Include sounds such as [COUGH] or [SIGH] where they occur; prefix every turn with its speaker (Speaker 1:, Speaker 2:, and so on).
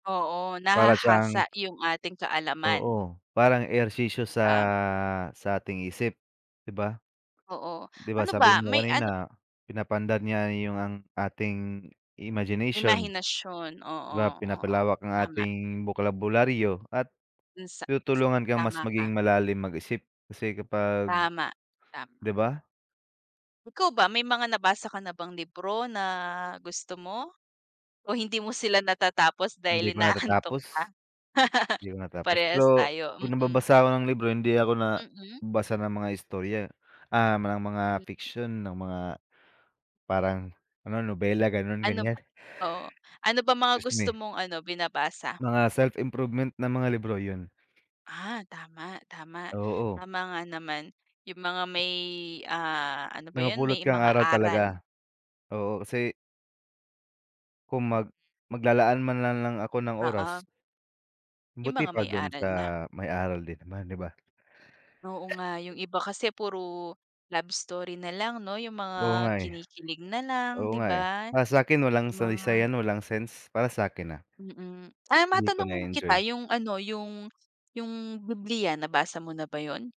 Speaker 1: Oo
Speaker 2: Para siyang
Speaker 1: nahahasa 'yong ating kaalaman.
Speaker 2: Oo, parang ehersisyo sa
Speaker 1: Ah.
Speaker 2: sa ating isip, 'di ba?
Speaker 1: Oo,
Speaker 2: 'Diba
Speaker 1: ano
Speaker 2: sabi
Speaker 1: ba,
Speaker 2: mo
Speaker 1: may ano
Speaker 2: kanina, pinapaandar niya yo ang ating imagination.
Speaker 1: Imahinasyon,
Speaker 2: 'Di
Speaker 1: oo,
Speaker 2: ba,
Speaker 1: oo.
Speaker 2: pinapalawak ang
Speaker 1: Tama.
Speaker 2: ating bokabularyo at
Speaker 1: Do'n sa
Speaker 2: tinutulungan kang mas
Speaker 1: tama ka.
Speaker 2: maging malalim mag-isip kasi kapag
Speaker 1: Tama, tama.
Speaker 2: 'di ba?
Speaker 1: Ikaw ba, may mga nabasa ka na bang libro na gusto mo? O hindi mo sila natatapos
Speaker 2: Hindi
Speaker 1: dahil
Speaker 2: ko
Speaker 1: inaantok ka?
Speaker 2: natatapos.
Speaker 1: [LAUGHS]
Speaker 2: 'Di ko natapos,
Speaker 1: Parehas
Speaker 2: pero
Speaker 1: tayo,
Speaker 2: 'pag
Speaker 1: mm.
Speaker 2: nagbabasa ako ng libro, hindi ako na
Speaker 1: Mm.
Speaker 2: basa ng mga istorya, ah, ma ng mga fiction, ng mga, parang, ano, nobela, ganoon,
Speaker 1: Ano ba
Speaker 2: ganiyan.
Speaker 1: oo, ano ba mga
Speaker 2: Excuse
Speaker 1: gusto
Speaker 2: me.
Speaker 1: mong ano, binabasa?
Speaker 2: Mga self-improvement na mga libro, 'yon.
Speaker 1: Ah, tama, tama.
Speaker 2: Oo.
Speaker 1: Tama nga naman, 'yong mga may, ah, ano ba
Speaker 2: May
Speaker 1: 'yon,
Speaker 2: mapulot
Speaker 1: may
Speaker 2: kang
Speaker 1: mga
Speaker 2: aral
Speaker 1: aral.
Speaker 2: talaga. Oo, kasi kung mag maglalaan man lang lang ako ng
Speaker 1: Oo.
Speaker 2: oras
Speaker 1: 'Yong
Speaker 2: buti pa
Speaker 1: may mga
Speaker 2: doon
Speaker 1: aral
Speaker 2: sa
Speaker 1: na.
Speaker 2: may aral din naman, 'di ba?
Speaker 1: Oo nga,
Speaker 2: [SNEEZES]
Speaker 1: 'yong iba kasi puro love story na lang, no? 'Yong
Speaker 2: Oo
Speaker 1: mga
Speaker 2: nga, eh.
Speaker 1: kinikilig na lang, 'di
Speaker 2: Oo nga, eh,
Speaker 1: ba,
Speaker 2: para sa akin walang saysay
Speaker 1: mga
Speaker 2: 'yan, walang sense. Para sa akin, ah.
Speaker 1: Mm, ah,
Speaker 2: Hindi ko
Speaker 1: matanong
Speaker 2: na-e-enjoy.
Speaker 1: kita, 'yong ano, 'yong Bibliya, nabasa mo na ba 'yon?